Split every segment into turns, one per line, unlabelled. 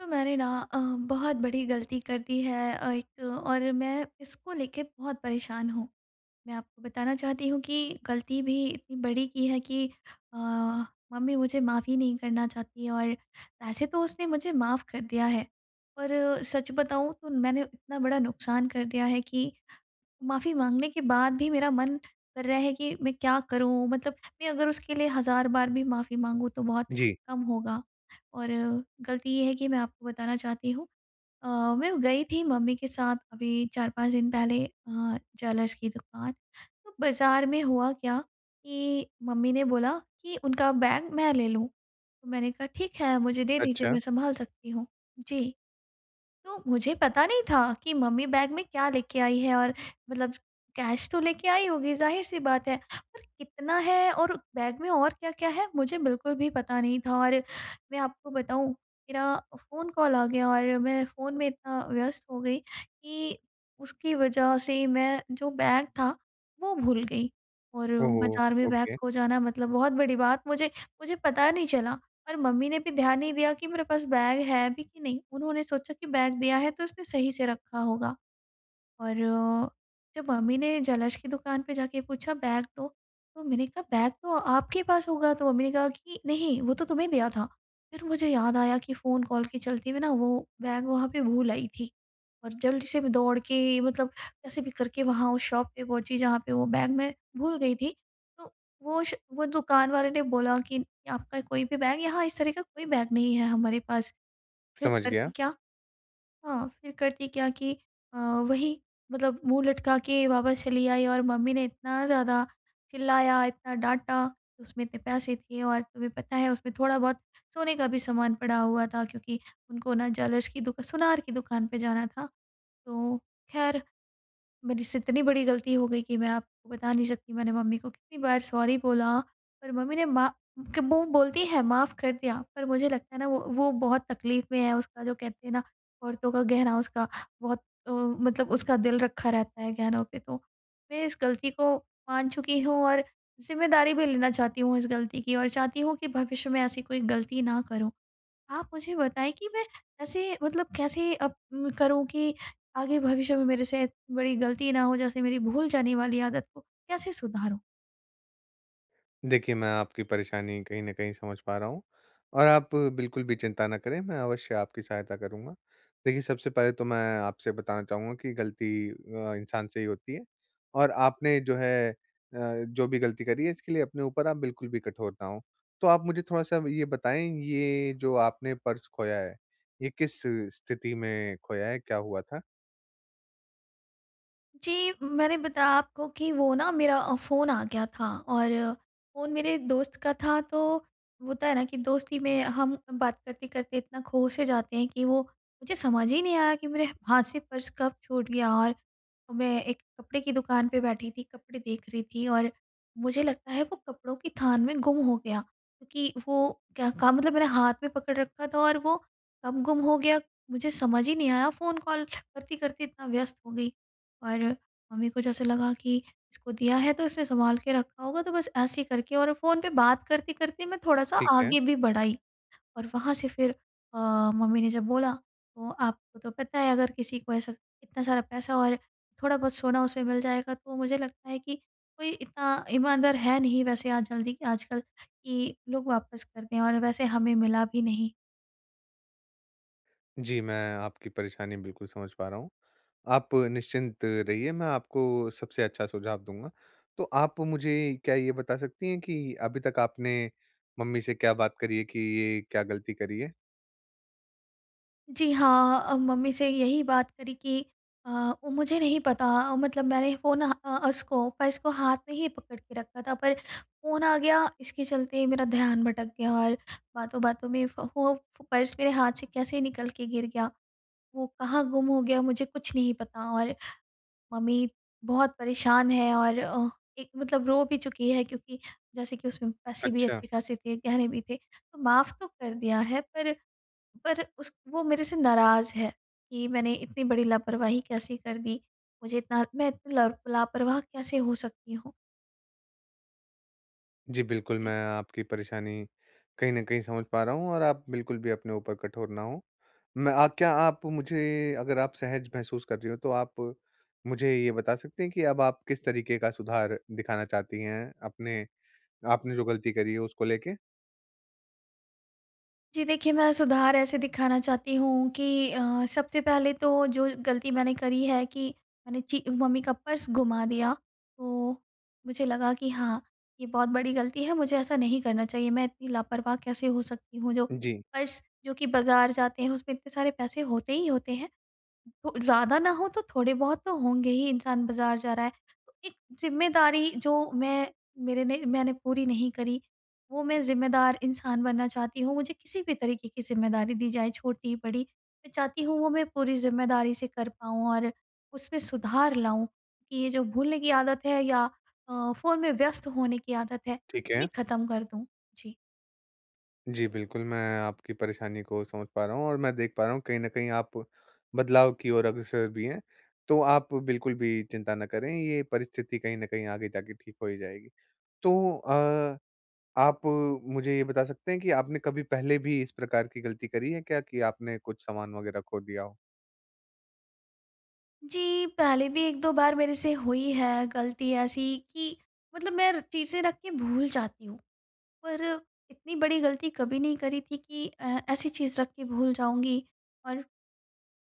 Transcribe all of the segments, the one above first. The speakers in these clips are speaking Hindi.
तो मैंने ना अ, बहुत बड़ी गलती कर दी है अ, 1 और मैं इसको लेके बहुत परेशान हूँ। मैं आपको बताना चाहती हूँ कि गलती भी इतनी बड़ी कि है कि अ, मम्मी मुझे माफ़ ही नहीं करना चाहती है। और वैसे तो उसने मुझे माफ़ कर दिया है पर सच बताऊँ तो मैंने इतना बड़ा नुक़सान कर दिया है कि माफ़ी माँगने के बाद भी मेरा मन कर रहा है कि मैं क्या करूँ? मतलब मैं अगर उसके लिए हज़ार बार भी माफ़ी माँगू तो बहुत
जी।
कम होगा। और गलती ये है कि मैं आपको बताना चाहती हूँ अ, मैं गई थी मम्मी के साथ अभी 4-5 दिन पहले अ, ज्वेलर्स कि दुकान। तो बाज़ार में हुआ क्या कि मम्मी ने बोला कि उनका बैग मैं ले लूँ। तो मैंने कहा ठीक है मुझे दे दीजिए,
अच्छा।
मैं सँभाल सकती हूँ। जी। तो मुझे पता नहीं था कि मम्मी बैग में क्या लेके आई है? और मतलब कैश तो लेके आई होगी ज़ाहिर सी बात है पर कितना है और बैग में और क्या-क्या है मुझे बिल्कुल भी पता नहीं था। और मैं आपको बताऊँ मेरा फ़ोन कॉल आ गया और मैं फ़ोन में इतना व्यस्त हो गई कि उसकी वज़ह से मैं जो बैग था वो भूल गई। और
ओह हो!
बाज़ार में बैग
ओके।
खो जाना मतलब बहुत बड़ी बात मुझे मुझे पता नहीं चला और मम्मी ने भी ध्यान नहीं दिया कि मेरे पास बैग है भी कि नहीं? उन्होंने सोचा कि बैग दिया है तो उसने सही से रखा होगा। और जब मम्मी ने ज्वेलर्स कि दुकान पे जाके पूछा बैग दो, तो मैंने कहा बैग तो आपके पास होगा। तो मम्मी ने कहा कि नहीं वो तो तुम्हें दिया था। फिर मुझे याद आया कि फ़ोन कॉल के चलते हुए न वो बैग वहाँ पे भूल आई थी और जल्दी से मैं दौड़ के मतलब कैसे भी करके वहाँ उस शॉप पे पहुँची जहाँ पे वो बैग मैं भूल गई थी। तो वो श वो दुकान वाले ने बोला कि आपका कोई भी बैग यहाँ इस तरह का कोई बैग नहीं है हमारे पास। फिर
समझ गया।
करती क्या? हाँ फिर करती क्या कि अ, वही मतलब मुँह लटका के वापस चली आई और मम्मी ने इतना ज़्यादा चिल्लाया, इतना डाँटा। उसमें इतने पैसे थे और तुम्हें पता है उसमें थोड़ा बहुत सोने का भी सामान पड़ा हुआ था क्योंकि उनको न ज्वेलर्स कि दुक सुनार की दुकान पे जाना था। तो ख़ैर मेरे से इतनी बड़ी गलती हो गई कि मैं आपको बता नहीं सकती मैंने मम्मी को कितनी बार सॉरी बोला पर मम्मी ने मा क वो बोलती हैं माफ़ कर दिया पर मुझे लगता है ना, वो वो बहुत तक़लीफ़ में है। उसका जो कहते हैं ना औरतों का गहना उसका बहुत अ, मतलब उसका दिल रखा रहता है गहनों पे। तो मैं इस गलती को मान चुकी हूँ और जिम्मेदारी भी लेना चाहती हूँ इस गलती की और चाहती हूँ कि भविष्य में ऐसी कोई गलती ना करूँ। आप मुझे बताएँ कि मैं ऐसे मतलब कैसे अप करूँ कि आगे भविष्य में मेरे से इतनी बड़ी गलती ना हो जैसे मेरी भूल जाने वाली आदत को कैसे सुधारूँ?
देखिए, मैं आपकी परेशानी कहीं न कहीं समझ पा रहा हूँ, और आप बिल्कुल भी चिंता ना करें, मैं अवश्य आपकी सहायता करूँगा। देखिए, सबसे पहले तो मैं आपसे बताना चाहूँगा कि गलती अ, इंसान से ही होती है। और आपने जो है अ, जो भी गलती करी है, इसके लिए अपने ऊपर आप बिल्कुल भी कठोर ना हों। तो आप मुझे थोड़ा-सा अब ये बताएँ, ये जो आपने पर्स खोया है, ये किस स्थिति में खोया है, क्या हुआ था?
जी, मैंने बताया आपको कि वो ना मेरा अ, फ़ोन आ गया था, और फ़ोन मेरे दोस्त का था, तो होता है ना, कि दोस्ती में हम बात करते-करते इतना खो से जाते हैं कि वो मुझे समझ ही नहीं आया कि मेरे हाथ से पर्स कब छूट गया। और मैं एक कपड़े की दुकान पे बैठी थी, कपड़े देख रही थी, और मुझे लगता है वो कपड़ों की थान में गुम हो गया, क्योंकि वो क्या का मतलब मैंने हाथ में पकड़ रखा था और वो कब गुम हो गया, मुझे समझ ही नहीं आया, फ़ोन कॉल करती-करती इतना व्यस्त हो गई। और मम्मी को जैसे लगा कि इसको दिया है, तो इसने सँभाल के रखा होगा। तो बस ऐसे ही करके और फ़ोन पे बात करते-करते मैं थोड़ा-सा
ठीक है।
आगे भी बढ़ आई। और वहाँ से फिर अ, मम्मी ने जब बोला, तो आपको तो पता है अगर किसी को ऐसा इतना सारा पैसा और थोड़ा-बहुत सोना उसे मिल जाएगा, तो मुझे लगता है कि कोई इतना ईमानदार है नहीं वैसे आज जल्दी आजकल कि लोग वापस कर दें, और वैसे हमें मिला भी नहीं।
जी, मैं आपकी परेशानी बिल्कुल समझ पा रहा हूँ। आप निश्चिंत रहिए, मैं आपको सबसे अच्छा सुझाव दूँगा। तो आप मुझे क्या ये बता सकती हैं कि अभी तक आपने मम्मी से क्या बात करी है कि ये क्या गलती करी है?
जी, हाँ अ, मम्मी से यही बात करी कि अ, वो मुझे नहीं पता अ, मतलब मैंने फ़ोन अ अ, उसको पर्स को हाथ में ही पकड़ के रखा था पर फ़ोन आ गया इसके चलते ही मेरा ध्यान भटक गया और बातों-बातों में फ़ फ़ो पर्स मेरे हाथ से कैसे निकल के गिर गया, वो कहाँ गुम हो गया मुझे कुछ नहीं पता और मम्मी बहुत परेशान है और अ, एक मतलब रो भी चुकी है क्योंकि जैसे कि उसमें पैसे भी
अच्छा।
अच्छे-खासे थे, गहने भी थे। तो माफ़ तो कर दिया है पर, पर उस वो मेरे से नाराज़ है कि मैंने इतनी बड़ी लापरवाही कैसे कर दी, मुझे इतना मैं इतनी लर लापरवाह कैसे हो सकती हूँ?
जी, बिल्कुल
जी।
मैं आपकी परेशानी कहीं न कहीं समझ पा रहा हूँ और आप बिल्कुल भी अपने ऊपर कठोर ना हो। मैं आ क्या आप मुझे अगर आप सहज महसूस कर रही हो तो आप मुझे ये बता सकते हैं कि अब आप किस तरीके का सुधार दिखाना चाहती हैं, अपने आपने जो गलती करी है उसको लेके?
जी, देखिए, मैं सुधार ऐसे दिखाना चाहती हूँ कि अ, सबसे पहले तो जो गलती मैंने करी है कि मैंने चि मम्मी का पर्स गुमा दिया। तो मुझे लगा कि हाँ, ये बहुत बड़ी गलती है, मुझे ऐसा नहीं करना चाहिए। मैं इतनी लापरवाह कैसे हो सकती हूँ जो
जी।
पर्स, जो कि बाज़ार जाते हैं, उसमें इतने सारे पैसे होते ही होते हैं। हो ज़्यादा ना हों तो थोड़े-बहुत तो होंगे ही, इंसान बाज़ार जा रहा है। एक ज़िम्मेदारी जो मैं मेरे ने मैंने पूरी नहीं करी, वो मैं ज़िम्मेदार इंसान बनना चाहती हूँ। मुझे किसी भी तरीके की ज़िम्मेदारी दी जाए, छोटी, बड़ी, मैं चाहती हूँ वो मैं पूरी ज़िम्मेदारी से कर पाऊँ, और उसमें सुधार लाऊँ कि ये जो भूलने की आदत है या अ, फ़ोन में व्यस्त होने की आदत है,
ठीक
ये
है।
खत्म कर दूँ। जी।
जी, बिल्कुल। मैं आपकी परेशानी को समझ पा रहा हूँ, और मैं देख पा रहा हूँ कहीं न कहीं आप बदलाव की ओर अग्रसर भी हैं। तो आप बिल्कुल भी चिंता ना करें, ये परिस्थिति कहीं न कहीं आगे जा के ठीक हो ही जाएगी। तो अ, आप मुझे ये बता सकते हैं कि आपने कभी पहले भी इस प्रकार की गलती करी है क्या कि आपने कुछ सामान वग़ैरह खो दिया हो?
जी। पहले भी 1-2 बार मेरे से हुई है गलती ऐसी कि मतलब मैं र चीज़ें रख के भूल जाती हूँ। पर इतनी बड़ी गलती कभी नहीं करी थी कि अ, ऐसी चीज रख के भूल जाऊँगी और,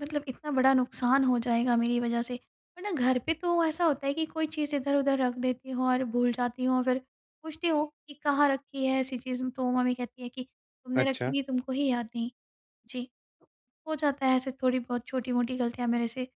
मतलब इतना बड़ा नुकसान हो जाएगा मेरी वज़ह से। वरना घर पे तो ऐसा होता है कि कोई चीज़ इधर-उधर रख देती हूँ और भूल जाती हूँ, और फिर पूछती हूँ कि कहाँ रखी है ऐसी चीज़, तो मम्मी कहती हैं कि, "तुमने रखी
अच्छा।
थी, तुमको ही याद नहीं।" जी। हो जाता है ऐसे थोड़ी-बहुत छोटी-मोटी गलतियाँ मेरे से। अ,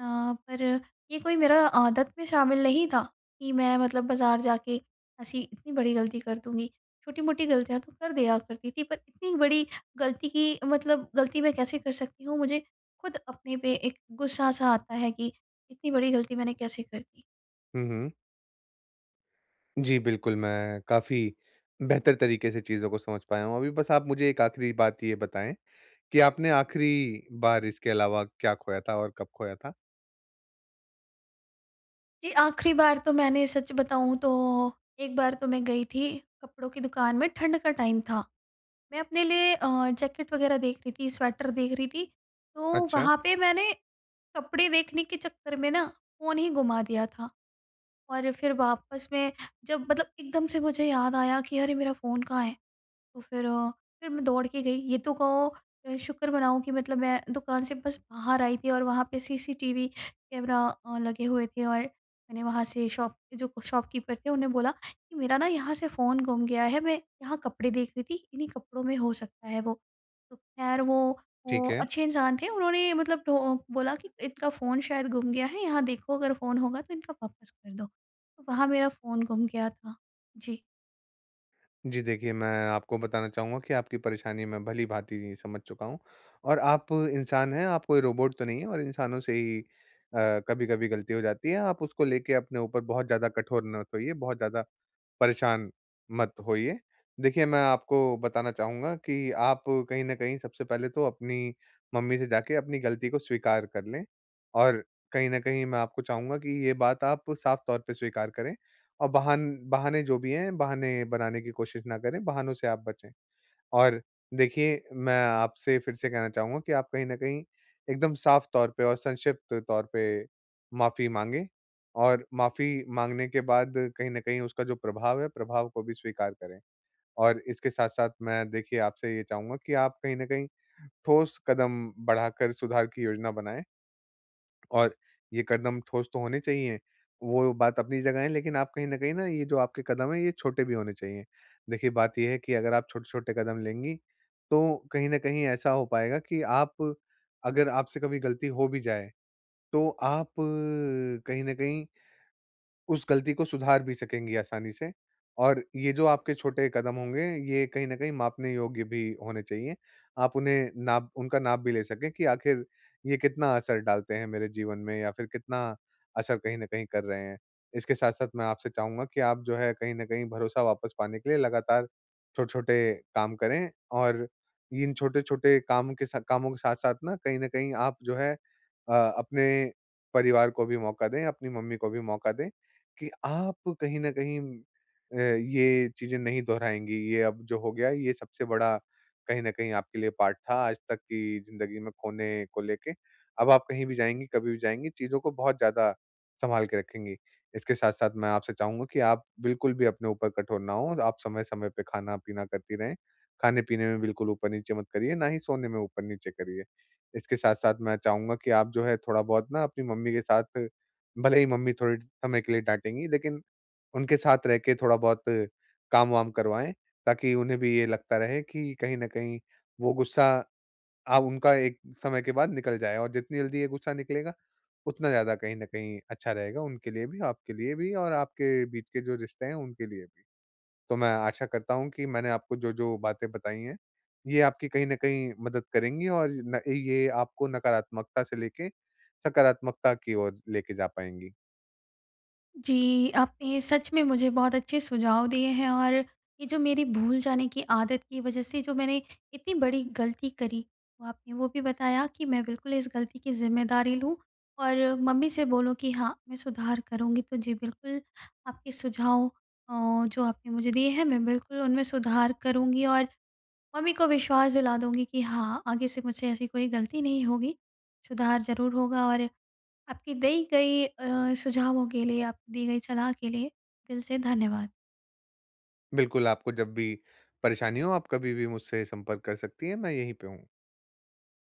पर ये कोई मेरा आदत में शामिल नहीं था कि मैं मतलब बाज़ार जा के ऐसी इतनी बड़ी गलती कर दूँगी। छोटी-मोटी गलतियाँ तो कर दिया करती थी, पर इतनी बड़ी गलती कि मतलब गलती मैं कैसे कर सकती हूँ, मुझे खुद अपने पे एक गुस्सा-सा आता है कि इतनी बड़ी गलती मैंने कैसे कर दी।
हुँ, हुँ। जी, बिल्कुल, मैं काफ़ी बेहतर तरीके से चीज़ों को समझ पाया हूँ। अभी बस आप मुझे एक आखिरी बात ये बताएँ कि आपने आखिरी बार इसके अलावा क्या खोया था और कब खोया था?
जी, आखिरी बार तो मैंने सच बताऊँ तो 1 बार तो मैं गई थी, कपड़ों की दुकान में ठंड का टाइम था। मैं अपने लिए अ, जैकेट वग़ैरह देख रही थी, स्वेटर देख रही थी। तो
अच्छा।
वहाँ पे मैंने कपड़े देखने के चक्कर में ना, फ़ोन ही गुमा दिया था। और फिर वापस में जब मतलब एकदम से मुझे याद आया कि अरे! मेरा फ़ोन कहाँ है? तो फिर अ, फिर मैं दौड़ के गई ये तो कहो अ, शुक्र मनाओ कि मतलब मैं दुकान से बस बाहर आई थी और वहाँ पे सीसीटीवी कैमरा अ, लगे हुए थे और मैंने वहाँ से शॉप पे जो शॉपकीपर थे, उन्हें बोला कि, "मेरा ना यहाँ से फ़ोन गुम गया है, मैं यहाँ कपड़े देख रही थी, इन्हीं कपड़ों में हो सकता है वो।" तो खैर वो वो
ठीक है।
अच्छे इंसान थे उन्होंने मतलब टो बोला कि, "इनका फ़ोन शायद गुम गया है, यहाँ देखो अगर फ़ोन होगा तो इनका वापस कर दो।" तो वहाँ मेरा फ़ोन गुम गया था। जी।
जी देखिए, मैं आपको बताना चाहूँगा कि आपकी परेशानी मैं भली-भाँति समझ चुका हूँ। और आप इंसान हैं, आप कोई रोबोट तो नहीं हैं, और इंसानों से ही अ, कभी-कभी गलती हो जाती है। आप उसको लेके अपने ऊपर बहुत ज़्यादा कठोर मत होइए, बहुत ज़्यादा परेशान मत होइए। देखिए, मैं आपको बताना चाहूँगा कि आप कहीं न कहीं सबसे पहले तो अपनी मम्मी से जाके अपनी गलती को स्वीकार कर लें। और कहीं न कहीं, मैं आपको चाहूँगा कि ये बात आप साफ़ तौर पे स्वीकार करें और बाहन बहाने जो भी हैं, बहाने बनाने की कोशिश ना करें, बहानों से आप बचें। और देखिए मैं आपसे फिर से कहना चाहूँगा कि आप कहीं न कहीं, एकदम साफ़ तौर पे और संक्षिप्त तौर पे माफी माँगे और माफी माँगने के बाद कहीं न कहीं उसका जो प्रभाव है, प्रभाव को भी स्वीकार करें, और इसके साथ-साथ मैं देखिए आपसे ये चाहूँगा कि आप कहीं न कहीं, ठोस कदम बढ़ाकर सुधार की योजना बनाएँ। और ये कदम ठोस तो होने चाहिए। वो बात अपनी जगह है, लेकिन आप कहीं न कहीं ये जो आपके कदम है, ये छोटे भी होने चाहिए। देखिए बात ये है कि अगर आप छोटे-छोटे कदम लेंगी, तो कहीं न कहीं ऐसा हो पाएगा कि आप अगर आपसे कभी गलती हो भी जाए, तो आप अ, कहीं न कहीं उस गलती को सुधार भी सकेंगी आसानी से, और ये जो आपके छोटे कदम होंगे, ये कहीं न कहीं मापने योग्य भी होने चाहिए। आप उन्हें नाप उनका नाप भी ले सके कि आखिर ये कितना असर डालते हैं मेरे जीवन में या फिर कितना असर कहीं न कहीं कर रहे हैं। इसके साथ-साथ मैं आपसे चाहूँगा कि आप जो है कहीं न कहीं, भरोसा वापस पाने के लिए लगातार छोटे-छोटे काम करें और इन छोटे-छोटे काम के सा कामों के साथ-साथ ना कहीं न कहीं आप जो है, अ, अपने परिवार को भी मौका दें, अपनी मम्मी को भी मौका दें, कि आप कहीं न कहीं अ, ये चीज़ें नहीं दोहराएँगी, ये अब जो हो गया है, ये सबसे बड़ा कहीं न कहीं आपके लिए पार्ट था आज तक की जिंदगी में खोने को लेके। अब आप कहीं भी जाएँगी, कभी भी जाएँगी, चीज़ों को बहुत ज़्यादा सँभाल के रखेंगी। इसके साथ-साथ मैं आपसे चाहूँगा कि आप बिल्कुल भी अपने ऊपर कठोर ना हो। आप समय-समय पे खाना-पीना करती रहें। खाने-पीने में बिल्कुल ऊपर-नीचे मत करिए, ना ही सोने में ऊपर-नीचे करिए। इसके साथ-साथ मैं चाहूँगा कि आप जो है थोड़ा-बहुत ना, अपनी मम्मी के साथ भले ही मम्मी थोड़े समय के लिए डाँटेंगी लेकिन उनके साथ रहके थोड़ा-बहुत काम-वाम करवाएँ, ताकि उन्हें भी ये लगता रहे कि कहीं न कहीं, वो गुस्सा, अब उनका एक समय के बाद निकल जाए और जितनी जल्दी ये गुस्सा निकलेगा, उतना ज़्यादा कहीं न कहीं अच्छा रहेगा उनके लिए भी, आपके लिए भी, और आपके बीच के जो रिश्ते हैं उनके लिए भी। तो मैं आशा करता हूँ कि मैंने आपको जो-जो बातें बताई हैं, ये आपकी कहीं न कहीं, मदद करेंगी और न ये आपको नकारात्मकता से लेके, सकारात्मकता की ओर लेके जा पाएँगी।
जी, आपने सच में मुझे बहुत अच्छे सुझाव दिए हैं, और ये जो मेरी भूल जाने की आदत की वजह से, जो मैंने इतनी बड़ी गलती करी। वो आपने वो भी बताया कि मैं बिल्कुल इस गलती की ज़िम्मेदारी लूँ, और मम्मी से बोलूँ कि हाँ, मैं सुधार करूँगी। तो जी बिल्कुल, आपके सुझाव अ, जो आपने मुझे दिए हैं, मैं बिल्कुल उनमें सुधार करूँगी और मम्मी को विश्वास दिला दूँगी कि हाँ, आगे से मुझसे ऐसी कोई गलती नहीं होगी। सुधार ज़रूर होगा और आपकी दी गई अ, सुझावों के लिए, आप दी गई सलाह के लिए दिल से धन्यवाद।
बिल्कुल, आपको जब भी परेशानी हो आप कभी भी मुझसे संपर्क कर सकती हैं, मैं यहीं पे हूँ।